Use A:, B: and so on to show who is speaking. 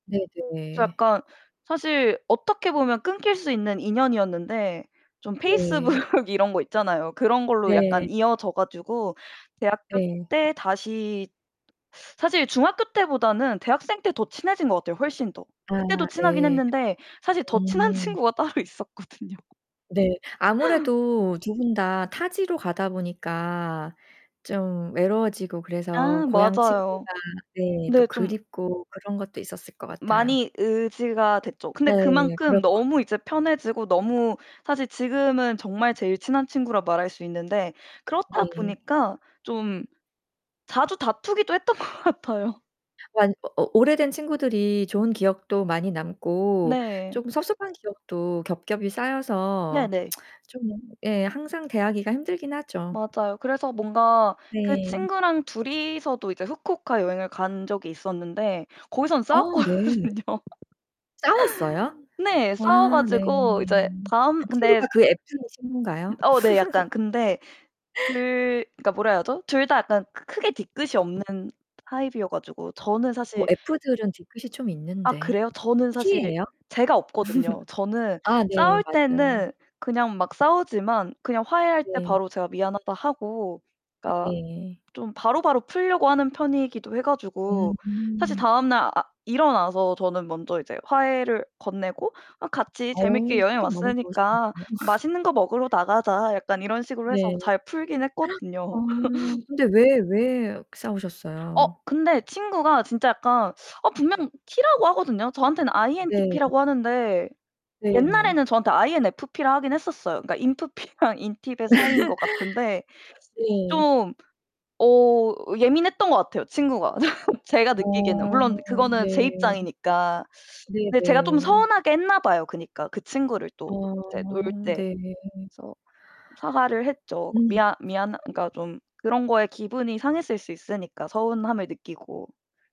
A: 저
B: 네네.
A: 약간 사실 어떻게 보면 끊길 수 있는 인연이었는데 좀 페이스북
B: 네.
A: 이런 거 있잖아요. 그런 걸로 약간
B: 네.
A: 이어져 가지고 대학교
B: 네.
A: 때 다시 사실 중학교 때보다는 대학생 때 더 친해진 것 같아요 훨씬 더.
B: 아
A: 그때도 친하긴
B: 네.
A: 했는데 사실 더 친한
B: 음.
A: 친구가 따로 있었거든요.
B: 네. 아무래도 두 분 다 타지로 가다 보니까 좀 외로워지고 그래서
A: 아
B: 고향 친구가
A: 맞아요.
B: 네 또
A: 근데 좀
B: 그립고 그런 것도 있었을 것 같아요.
A: 많이 의지가 됐죠. 근데
B: 네. 그럴
A: 그만큼
B: 것 같아요.
A: 너무 이제 편해지고 너무 사실 지금은 정말 제일 친한 친구라 말할 수 있는데 그렇다
B: 네.
A: 보니까 좀 자주 다투기도 했던 것 같아요.
B: 완 어 어 오래된 친구들이 좋은 기억도 많이 남고
A: 네.
B: 좀 섭섭한 기억도 겹겹이 쌓여서
A: 네네.
B: 좀 예 항상 대하기가 힘들긴 하죠.
A: 맞아요. 그래서 뭔가 그
B: 네.
A: 친구랑 둘이서도 이제 후쿠오카 여행을 간 적이 있었는데 거기선
B: 아 네.
A: 싸웠거든요.
B: 싸웠어요?
A: 네 싸워
B: 와아 네.
A: 가지고 이제 다음
B: 그
A: 근데
B: 친구가 그 F 인 친구인가요?
A: 어 네 약간. 근데 그 그니까 뭐라 해야 하죠? 둘 다 약간 크 크게 뒤끝이 없는 타입이어 가지고 저는
B: 어
A: 사실
B: F 들은 뒤끝이 좀
A: 아
B: 있는데.
A: 그래요? 저는
B: T
A: 사실
B: 예요?
A: 제가 없거든요. 저는
B: 아 네.
A: 싸울
B: 맞아.
A: 때는 그냥 막 싸우지만 그냥 화해할 때
B: 네.
A: 바로 제가 '미안하다.' 하고 그니까
B: 네.
A: 좀 바로바로 풀려고 하는 편이기도 해 가지고 사실
B: 음.
A: 다음 날 아 일어나서 저는 먼저 이제 화해를 건네고 '아 같이
B: 어
A: 재밌게 여행
B: 성격 너무 좋으시군요.
A: 왔으니까 맛있는 거 먹으러 나가자.' 약간 이런 식으로 해서
B: 네.
A: 잘 풀긴
B: 어
A: 했거든요.
B: 근데 왜 왜
A: 어
B: 싸우셨어요?
A: 근데 친구가 진짜 약간 어 분명 T 라고 하거든요. 저한테는 INTP
B: 네.
A: 라고 하는데
B: 네.
A: 옛날에는 저한테 INFP 라고 하긴 했었어요. 그니까 인프피랑 인팁의 사이인 것 같은데
B: 네.
A: 좀 어 예민했던 것 같아요 친구가. 제가 느끼기에는.
B: 어
A: 물론 그거는 제
B: 네.
A: 입장이니까. 근데 제가 좀
B: 네네.
A: 서운하게 했나 봐요. 그니까 그 친구를 또 이제 놀
B: 어.
A: 때.
B: 네.
A: 그래서 사과를 했죠.
B: 음.
A: 미안 미안 그니까 좀 그런 거에 기분이 상했을 수 있으니까 서운함을 느끼고.